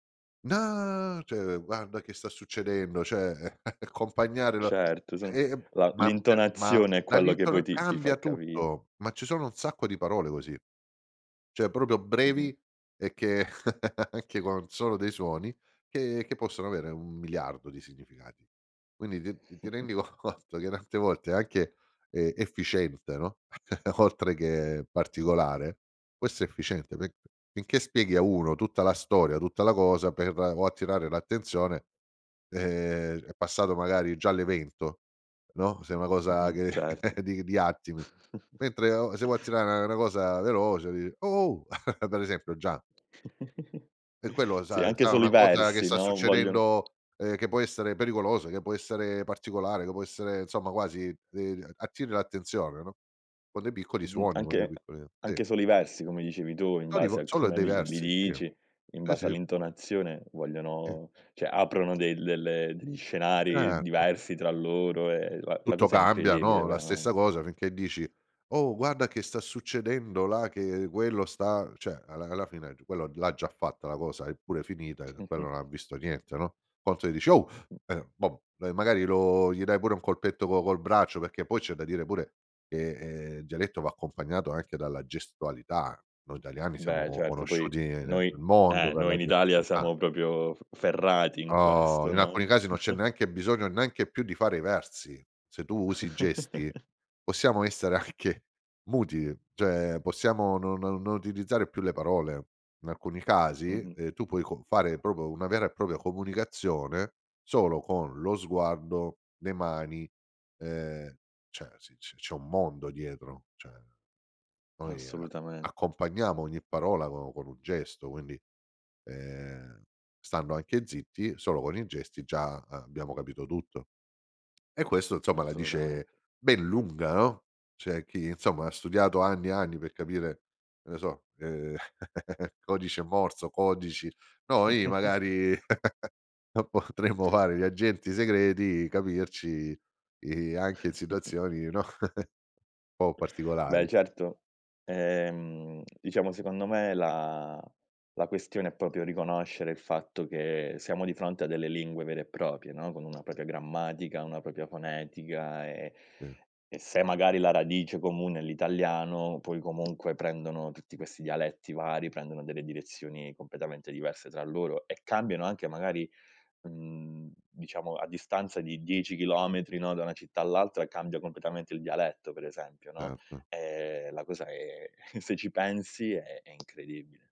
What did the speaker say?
No, cioè guarda che sta succedendo, cioè accompagnare la Certo son e, ehm, la ma ma l'intonazione è quello che poi dall'intona ti ti fa cambia capire. tutto, ma ci sono un sacco di parole così. Cioè proprio Mh-mh. brevi, e che anche con un solo dei suoni, che che possono avere un miliardo di significati. Quindi ti ti rendi co conto che tante volte, ehm, anche efficiente, no, oltre che particolare questo è efficiente, perché finché spieghi a uno tutta la storia, tutta la cosa, per o attirare l'attenzione, ehm, è passato magari già l'evento, no, se una cosa Mh-mh. che Certo. di di attimi. Mentre o e se vuoi attirare una cosa veloce, di: "Oh-oh!" Ad esempio già E quello lo Sì, sa anche sa solo i una cosa che versi, sta no, vogliono succedendo, ehm, che può essere pericolosa, che può essere particolare, che può essere insomma quasi de attiri l'attenzione, no, con dei piccoli Mh-mh. suoni, con dei Anche piccoli sì. anche solo i versi come dicevi tu, in base [unintelligible] a ,sono come dei li li versi. Sì. dici, in Sì, base sì. all'intonazione Sì. vogliono cioè aprono dei delle degli scenari Certo. diversi tra loro, e la la Tutto cosa è cambia, incredibile no, la veramente. stessa cosa finché dici: "Oh, guarda che sta succedendo là, che quello sta" Cioè alla alla fine quello l'ha già fatta la cosa, è pure finita, e quello non ha visto niente, no. Quanto gli dici: "Oh!" Mh-mh. eh, va magari lo gli dai pure un colpetto co col braccio, perché poi c'è da dire pure che, ehm, il dialetto va accompagnato anche dalla gestualità. Noi italiani siamo Beh, co certo poi conosciuti nel noi mondo eh, per noi la in Italia gestualità. siamo proprio f ferrati in Oh, questo, in alcuni no? casi, non c'è neanche bisogno neanche più di fare i versi. Se tu usi i gesti, possiamo essere anche muti, cioè possiamo no no non utilizzare più le parole. In alcuni casi, Mh-mh. ehm, tu puoi con fare proprio una vera e propria comunicazione, solo con lo sguardo, le mani, ehm, cioè si se c'è un mondo dietro. Cioè noi, Assolutament accompagniamo ogni parola co con un gesto, quindi, ehm, stando anche zitti, solo con i gesti già, ehm, abbiamo capito tutto. E questo insomma la dice Assolutamente. ben lunga, no. C'è chi, insomma, ha studiato anni e anni, per capire che ne so, ehm, codice morse, codici noi magari no, potremmo fare gli agenti segreti, capirci, i anche in situazioni, no, un po' Beh particolari. certo, ehm, diciamo secondo me la la questione, è proprio riconoscere il fatto che siamo di fronte a delle lingue vere e proprie, no, con una propria grammatica, una propria fonetica, e [unintelligible] e se magari la radice comune è l'italiano, poi comunque prendono, tutti questi dialetti vari, prendono delle direzioni completamente diverse tra loro, e cambiano anche magari, mhmm, diciamo a distanza di 10 chilometri, no, da una città all'altra, cambia completamente il dialetto per esempio, no. Certo. Ehm, la cosa è se ci pensi, è è incredibile.